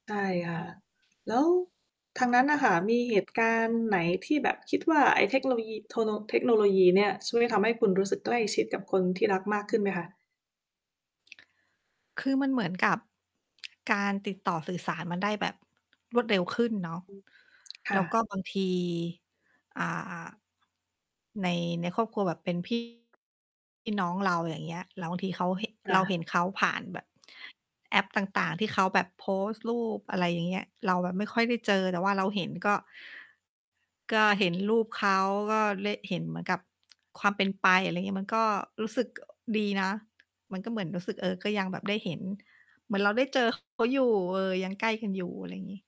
ใช่ค่ะ แล้วทางนั้นน่ะค่ะ มีเหตุการณ์ไหน? ที่แบบคิดว่า ไอ้เทคโนโลยี โทโน เทคโนโลยีเนี่ยช่วยทำให้คุณรู้สึกใกล้ชิดกับคนที่รักมากขึ้นไหมคะ? คือมันเหมือนกับ การติดต่อสื่อสารมันได้แบบรวดเร็วขึ้นเนาะ อืม ค่แล้วก็ะ บางที อ่า ใน ในครอบครัวแบบเป็น พี่ น้องเรา อย่างเงี้ย แล้วบางทีเขาเหะ คเ่ราะ เห็นเขาผ่านแบบ แอปต่าง ๆ ที่เขาแบบโพสต์รูป อะไรอย่างเงี้ย เราแบบไม่ค่อยได้เจอแต่ว่าเราเห็นก็ ก็เห็นรูปเขา ก็เละ เห็นเหมือนกับความเป็นไป อะไรงี้ มันก็รู้สึก ดีนะ มันก็เหมือนรู้สึก เออ ก็ยังแบบได้เห็น เหมือนเราได้เจอ เขา อยู่ เออ ยังใกล้กันอยู่ อะไรงี้